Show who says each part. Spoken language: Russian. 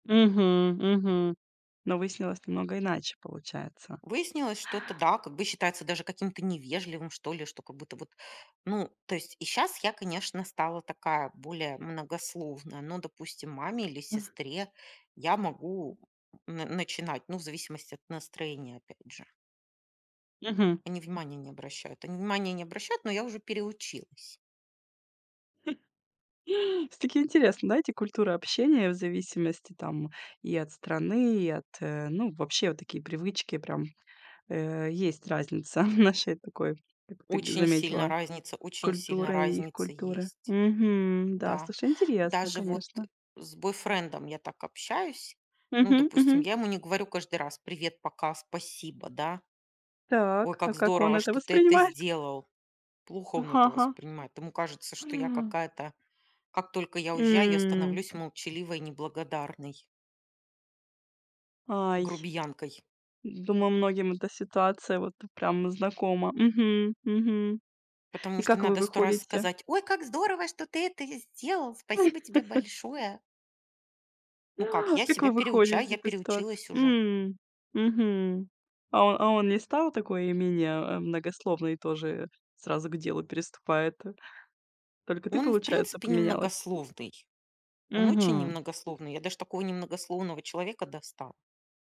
Speaker 1: Мгм, мгм. Но выяснилось намного иначе, получается.
Speaker 2: Выяснилось, что это да, как бы считается даже каким-то невежливым, что ли, что, как будто вот, ну, то есть и щас я, конечно, стала такая, более многословная, но, допустим, маме или
Speaker 1: Ах.
Speaker 2: сестре я могу, м, на начинать, ну, в зависимости от настроения опять же.
Speaker 1: Мгм.
Speaker 2: Они внимания не обращают, они внимания не обращают, но я уже переучилась.
Speaker 1: Всё-таки интересно, знаете, культура общения, в зависимости, там, и от страны, и от, э, ну, вообще, вот такие привычки прям, э, есть разница в нашей такой, как ты г
Speaker 2: Очень сильно
Speaker 1: заметила,
Speaker 2: разница, очень сильно
Speaker 1: культуры и их
Speaker 2: разница
Speaker 1: культуры.
Speaker 2: есть.
Speaker 1: Мгм. Да,
Speaker 2: Да,
Speaker 1: слушай, интересно,
Speaker 2: даже вот
Speaker 1: конечно.
Speaker 2: с бойфрендом я так общаюсь. Ну,
Speaker 1: Мгм,
Speaker 2: допустим,
Speaker 1: мгм.
Speaker 2: я ему не говорю каждый раз: "Привет, пока, спасибо, да. Ой,
Speaker 1: Так, а
Speaker 2: как
Speaker 1: как он
Speaker 2: здорово,
Speaker 1: это
Speaker 2: что ты это
Speaker 1: воспринимает?
Speaker 2: сделал". Плохо он
Speaker 1: Ага,
Speaker 2: это
Speaker 1: ага.
Speaker 2: воспринимает. Ему кажется, что я
Speaker 1: А.
Speaker 2: какая-то Как только я уезжаю, я
Speaker 1: М.
Speaker 2: становлюсь молчаливой, неблагодарной.
Speaker 1: Ай,
Speaker 2: Грубиянкой.
Speaker 1: думаю, многим эта ситуация вот прям знакома. Мгм, мгм.
Speaker 2: Потому
Speaker 1: И
Speaker 2: что
Speaker 1: как вы
Speaker 2: надо 100 раз
Speaker 1: выходите?
Speaker 2: сказать: "Ой, как здорово, что ты это сделал, спасибо тебе большое". Ну как, я
Speaker 1: Как
Speaker 2: себя
Speaker 1: вы выходите
Speaker 2: переучаю,
Speaker 1: из
Speaker 2: я
Speaker 1: этой ситуации?
Speaker 2: переучилась уже.
Speaker 1: М. Мгм. А, а о а он не стал такой менее, э, многословный? Тоже сразу к делу переступает. Только ты,
Speaker 2: Он, в
Speaker 1: получается,
Speaker 2: принципе,
Speaker 1: поменялась?
Speaker 2: немногословный. Он очень
Speaker 1: Мгм.
Speaker 2: немногословный. Я даже такого немногословного человека достала.